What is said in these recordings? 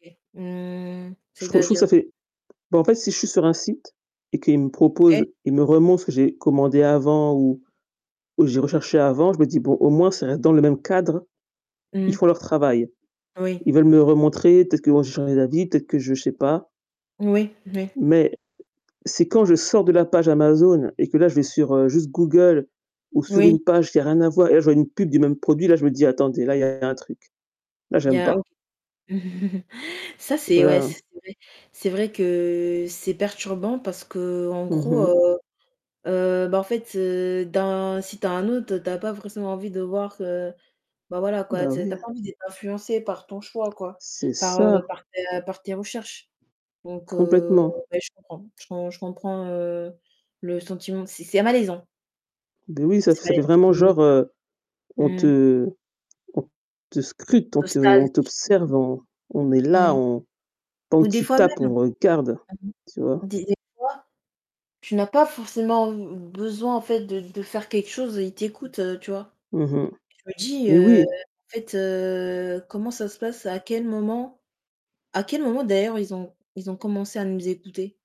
OK. Mmh, Je trouve je trouve c'est-à-dire? ça fait bah, en fait si je suis sur un site et qu'il me OK. propose il me remontre ce que j'ai commandé avant ou ou j'ai recherché avant, je me dis: «Bon au moins ça reste dans le même cadre, ils Mmh. font leur travail. Oui. Ils veulent me remontrer, peut-être que moi j'ai changé d'avis, peut-être que je sais pas». Oui, oui. Mais c'est quand je sors de la page Amazon et que là, je vais sur, heu, juste Google ou sur Oui. une page qui a rien à voir et là je vois une pub du même produit, là je me dis: «Attendez, là, il a un truc. Là, Il y j'aime a pas». auc ça Tu vois c'est ouais, la c'est vrai. C'est vrai que c'est perturbant parce qu'en Mmh gros, mh. heu, heu, ben, en fait, heu, dans si tu as un autre, tu as pas forcément envie de voir, heu, bah, voilà quoi, Bah, tu sais tu as oui. pas envie d'être influencée par ton choix, quoi, C'est par, heu, ça. par tes par tes recherches. Donc, heu, Complètement. ouais, je comprends, je com je comprends, heu, le sentiment, c'est c'est malaisant. Beh oui, ça fait C'est ça fait vraiment malaisant. genre, [unintelligible] heu, on Mmh. te on te scrute, on te Postales on t'observe, on on est Mmh là, mh. on quand Ou des tu fois tapes, même on regarde, [unintelligible] tu vois? des des fois, tu n'as pas forcément b besoin, en fait, de de faire quelque chose et il t'écoute, heu, tu vois? Mmh mh. Je me dis, Eh heu, oui. en fait, heu, comment ça se passe, à quel moment à quel moment d'ailleurs ils ont ils ont commencé à nous écouter?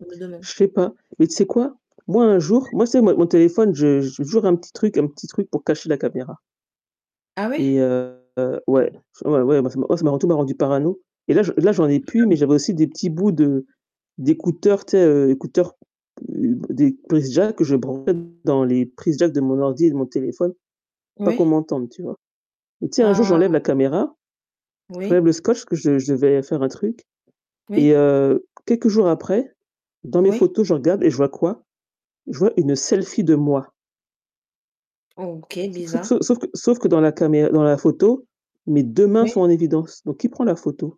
Je me demande. Je sais pas. Mais tu sais quoi? Moi un jour, moi c'est mon mon téléphone, je je j'ai toujours un petit truc un petit truc pour cacher la caméra. Ah ouais? Et heu, ouais, ouais, ouais, moi ça m'a ça m'a rend tout m'a rendue parano. Et là je là, j'en ai plus, mais [unintelligible] j'avais aussi des petits bouts de d'écouteurs, tu sais, heu, écouteurs, heu, des prises jack que je branchais dans les prises jack de mon ordi et de mon téléphone, pas qu'on Oui. m'entende, tu vois. Bah, tiens, un jour, Ah. j'enlève la caméra, Oui. j'enlève le scotch que je je devais faire un truc et Oui. heu, quelques jours après, dans mes Oui. photos, je regarde et je vois quoi? Je vois une selfie de moi. OK, Sauf bizarre. sauf sauf que sauf que dans la camér dans la photo, mes 2 mains sont Oui. en évidence. Donc qui prend la photo?